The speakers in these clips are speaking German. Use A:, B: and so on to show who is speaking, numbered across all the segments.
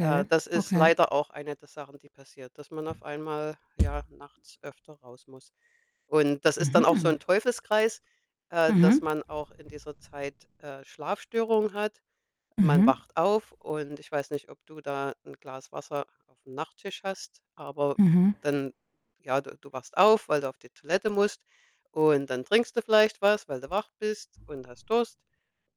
A: Äh, das ist
B: okay.
A: leider auch eine der Sachen, die passiert, dass man auf einmal, ja, nachts öfter raus muss. Und das ist dann auch so
B: Mhm.
A: 'n Teufelskreis, äh, dass
B: Mhm.
A: man auch in dieser Zeit, äh, Schlafstörungen hat. Man
B: Mhm.
A: wacht auf, und ich weiß nicht, ob du da 'n Glas Wasser auf'm Nachttisch hast, aber
B: Mhm.
A: dann ja, d du wachst auf, weil du auf die Toilette musst. Und dann trinkst du vielleicht was, weil du wach bist und hast Durst.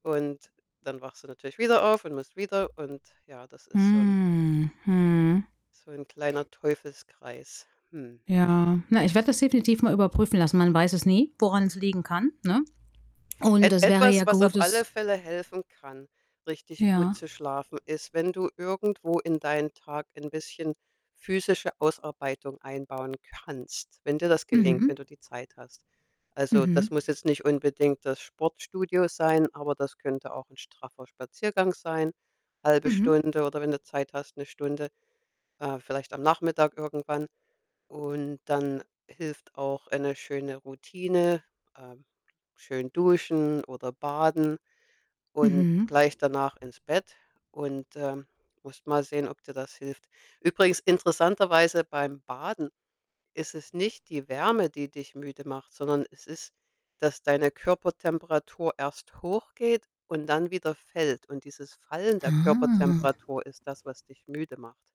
A: Und dann wachst du natürlich wieder auf und musst wieder. Und ja, das ist so 'n
B: Hm. Mhm.
A: so 'n kleiner Teufelskreis, mhm.
B: Ja. Na, ich werde das definitiv mal überprüfen lassen. Man weiß es nie, woran es liegen kann, ne? Und
A: Et
B: das wäre
A: etwas,
B: ja
A: was
B: gut,
A: auf
B: das
A: alle Fälle helfen kann, richtig gut
B: Ja.
A: zu schlafen, ist, wenn du irgendwo in deinen Tag ein bisschen physische Ausarbeitung einbauen kannst, wenn dir das gelingt, wenn
B: Mhm.
A: du die Zeit hast. Also, das
B: Mhm.
A: muss jetzt nicht unbedingt das Sportstudio sein, aber das könnte auch 'n straffer Spaziergang sein, 1/2
B: Mhm.
A: Stunde oder, wenn du Zeit hast, 1 Stunde, äh, vielleicht am Nachmittag irgendwann. Und dann hilft auch eine schöne Routine, ähm, schön duschen oder baden und
B: Mhm.
A: gleich danach ins Bett. Und, äh, musst mal sehen, ob dir das hilft. Übrigens interessanterweise beim Baden ist es nicht die Wärme, die dich müde macht, sondern es ist, dass deine Körpertemperatur erst hochgeht und dann wieder fällt. Und dieses Fallen der
B: Ah.
A: Körpertemperatur ist das, was dich müde macht.